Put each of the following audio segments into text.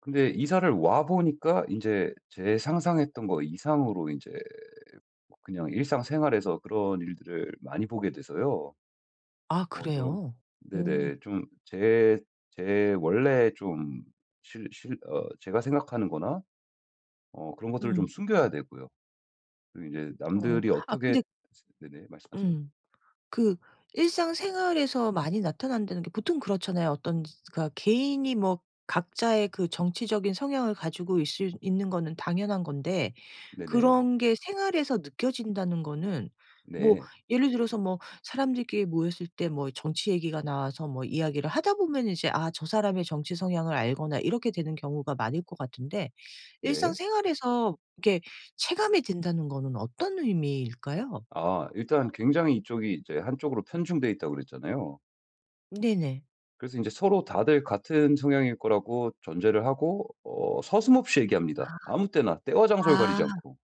근데 이사를 와 보니까 인제 제 상상했던 거 이상으로 인제 그냥 일상생활에서 그런 일들을 많이 보게 돼서요. 아 어 좀 그래요? 오. 네네. 좀 제 제 원래 좀 실 실 어 제가 생각하는 거나 어 그런 것들을 좀 음. 숨겨야 되고요. 또 이제 어. 남들이 아 어떻게 근데 생 네네. 말씀하세요. 음. 그 일상생활에서 많이 나타난다는 게 보통 그렇잖아요. 어떤 그러니까 개인이 뭐 각자의 그 정치적인 성향을 가지고 있을 있는 거는 당연한 건데 네네. 그런 게 생활에서 느껴진다는 거는 뭐 네. 예를 들어서 뭐 사람들끼리 모였을 때 뭐 정치 얘기가 나와서 뭐 이야기를 하다 보면 이제 아 저 사람의 정치 성향을 알거나 이렇게 되는 경우가 많을 것 같은데 네. 일상생활에서 이렇게 체감이 된다는 거는 어떤 의미일까요? 아. 일단 굉장히 이쪽이 이제 한쪽으로 편중돼 있다고 그랬잖아요. 네네. 그래서 인제 서로 다들 같은 성향일 거라고 전제를 하고 어 서슴없이 얘기합니다, 아무 때나 때와 아. 장소를 가리지 아. 않고.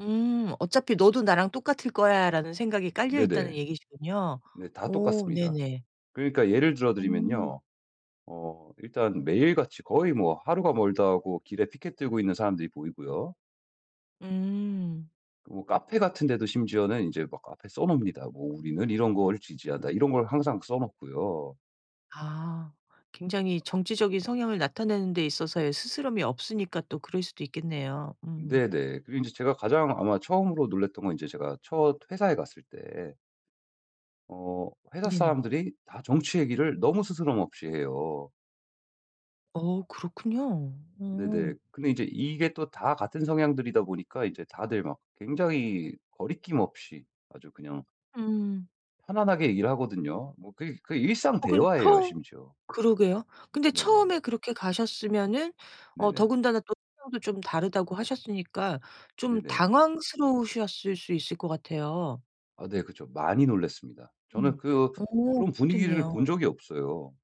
음. '어차피 너도 나랑 똑같을 거야.'라는 생각이 깔려있다는 네네. 얘기시군요. 네. 다 오. 똑같습니다. 네네. 그러니까 예를 들어 음. 드리면요 어 일단 매일같이 거의 뭐 하루가 멀다 하고 길에 피켓 들고 있는 사람들이 보이고요. 음. 뭐 카페 같은 데도 심지어는 인제 막 앞에 써 놉니다. 뭐 '우리는 이런 거를 지지한다.' 이런 걸 항상 써 놓고요. 아. 굉장히 정치적인 성향을 나타내는 데 있어서의 스스럼이 없으니까 또 그럴 수도 있겠네요. 음. 네네. 그리고 인제 제가 가장 아마 처음으로 놀랐던 건 인제 제가 첫 회사에 갔을 때 어 회사 네네. 사람들이 다 정치 얘기를 너무 스스럼없이 해요. 어. 그렇군요. 네네. 어. 근데 인제 이게 또 다 같은 성향들이다 보니까 인제 다들 막 굉장히 거리낌 없이 아주 그냥 음. 편안하게 얘기를 하거든요. 뭐 그게 그게 일상 어 그럼 대화예요 처음 심지어. 그러게요. 근데 네네. 처음에 그렇게 가셨으면은 어 네네. 더군다나 또 성향도 좀 다르다고 하셨으니까 좀 네네. 당황스러우셨을 수 있을 것 같아요. 아 네. 그쵸. 많이 놀랐습니다. 저는 음. 그 어 어. 그런 분위기를 그렇겠네요. 본 적이 없어요.